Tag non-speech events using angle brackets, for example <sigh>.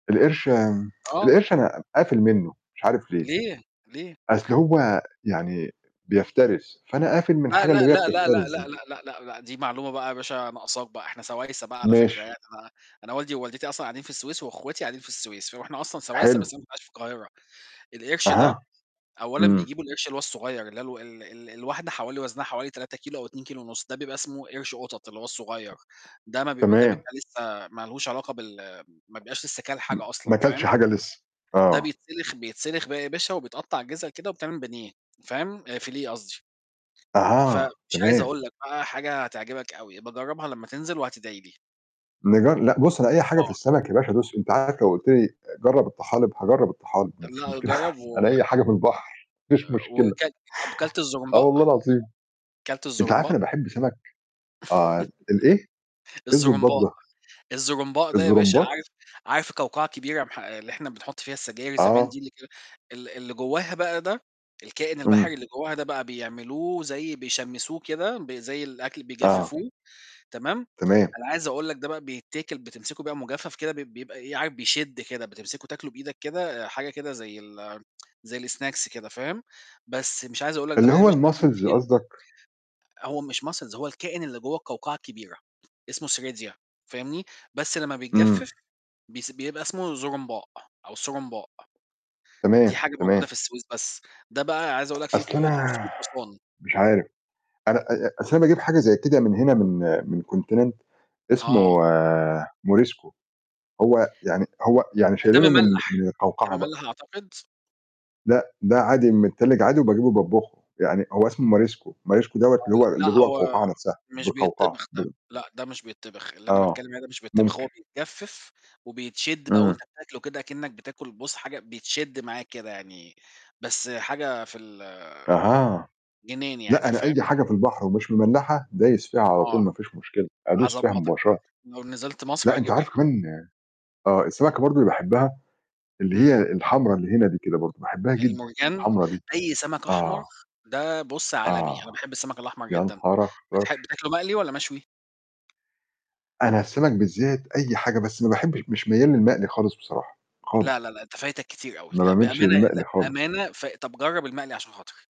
القرش آمم <tsk> آه. القرش أنا قافل منه مش عارف ليه، ليه، ليه؟ أصل هو يعني بيفترس، فأنا قافل من لأ، الحاجة اللي لأ، هي لأ، لأ، لأ، بتفترس لأ، دي. لأ، لأ، لأ، لأ، دي معلومة بقى يا باشا ناقصاك بقى، إحنا سوايسة بقى على فكرة ماشي. يعني أنا أنا والدي ووالدتي أصلًا قاعدين في السويس وأخواتي قاعدين في السويس، فو إحنا أصلًا سوايسة حلو. بس أنا اللي عايش القاهرة، القرش ده أها، أولًا إمم. بيجيبوا القرش اللي هو الصغيّر اللي هي الو ال ال الواحدة حوالي وزنها حوالي 3 كيلو أو 2 كيلو ونُص، ده بيبقى إسمه قرش قطط اللي هو الصغيّر، ده ما بيب ده تمام. بيبقى لسّه ما لهوش علاقة بال ما بيبقاش لسّه كَل م حاجة أصلًا ما كَلش فاهم، حاجة لسّه، ده آه. بيتسلخ بيتسلخ بقى يا باشا وبيتقطع جِزَء كده وبيتعمل بانيه، فاهم، فيليه قصدي، أها فمش عايز تمام. أقول لك بقى حاجة هتعجبك أوي، ابقي جرّبها لمّا تنزل وهتدعي لي. نجر لأ بُصّ أنا أي حاجة في آه. السَمَك يا باشا دوس، أنت عارف لو قُلت لي جرّب الطحالب، هاجرّب الطحالب ما فيش لأ مشكلة جرّبه <chuckles> أنا و أي حاجة في البحر ما فيش مشكلة، وكلت طب كلت آه الزرونباء؟ والله العظيم، كلت أنت عارف الزرونباء؟ أنا باحب سَمَك آه ال الإيه؟ إيه <laughs> الزبّاط الزرونباء، ده؟ الزرونباء ده يا باشا الزرونباط؟ عارف عارف القوقعة كبيرة يا مح آآ اللي إحنا بنحط فيها السجاير زمان آه. دي كده اللي ك اللي اللي جواها بقى ده، الكائن امم. البحري اللي جواها ده بقى بيعملوه زي بيشمسوه كده ب زي الأكل آه. بيجففوه تمام، تمام. أنا عايز أقول لك ده بقى بيتاكل بتمسكه بقى مجفف كده ب بيبقى إيه، عارف بيشد كده، بتمسكه تاكله بإيدك كده حاجة كده زي ال <tsk> زي الsnacks كده فاهم، بس مش عايز أقول لك ده اللي بقى يا هو باشا الMuscles <unintelligible> قصدك؟ هو مش Muscles هو الكائن اللي جوّه القوقعة الكبيرة، اسمه سيريديا، فاهمني، بس لمّا إمم. بيتجفف بيس بيبقى اسمه زرونباء، أو سرومباء. دي تمام، حاجة موجودة تمام. في السويس بس، ده بقى عايز أقول لك في أصل قوة 500 أنا حصان. مش عارف أنا أ أصل أنا باجيب حاجة زي كده من هنا من من <unintelligible> اسمه آه. موريسكو، هو يعني هو يعني د ده شايلينه من مملّح، من ده القوقعة مملّح بقى. أعتقد. لأ ده عادي متتلج عادي، وباجيبه باطبخه، يعني هو اسمه ماريسكو، الماريسكو دوَّة آه، اللي هو ل اللي لأ جوّه هو القوقعة نفْسها مش مش بالقوقعة. بيتطبخ ده، لأ ده مش بيتطبخ، اللي أنا آه باتكلّم عليه ده مش بيتطبخ، ممكن. هو بيتجفف وبي تشد بقى وأنت إمم. بتاكله كده أكنك بتاكل بُصّ حاجة بتشد معاك كده يعني، بس حاجة في ال أها. جنان لأ يعني أنا فاهم؟ أي حاجة في <unintelligible> البحر ومش مملحة دايس فيها على طول آه، ما فيش مشكلة، أدوس فيها هاضبّطك، مباشرةً. لو نزلت مصر لأ أنت هاجيب لك. عارف <unintelligible> كمان آه السمكة برضه اللي باحبها، اللي هي إمم. الحمرا اللي هنا دي كده برضه، باحبها جدًا المُرجان؟ الحمرا دي. أي سمك أحمر آه. ده بُصّ عالمي، أنا آه. باحب السمك الأحمر جدًا، يانهار أخضر! بتح بتاكله مقلِي والَّا مشوي؟ أنا السَمَك بالذات أي حاجة بس ما باحبش مش ميّال للمقلي خالص بصراحة، لا، خالص. لا، لأ، أنت فايتك كتير أوي، ما لأ باميلش بأمانة للمقلي لا خالص. بأمانة ف طب جرّب المقلي عشان خاطري.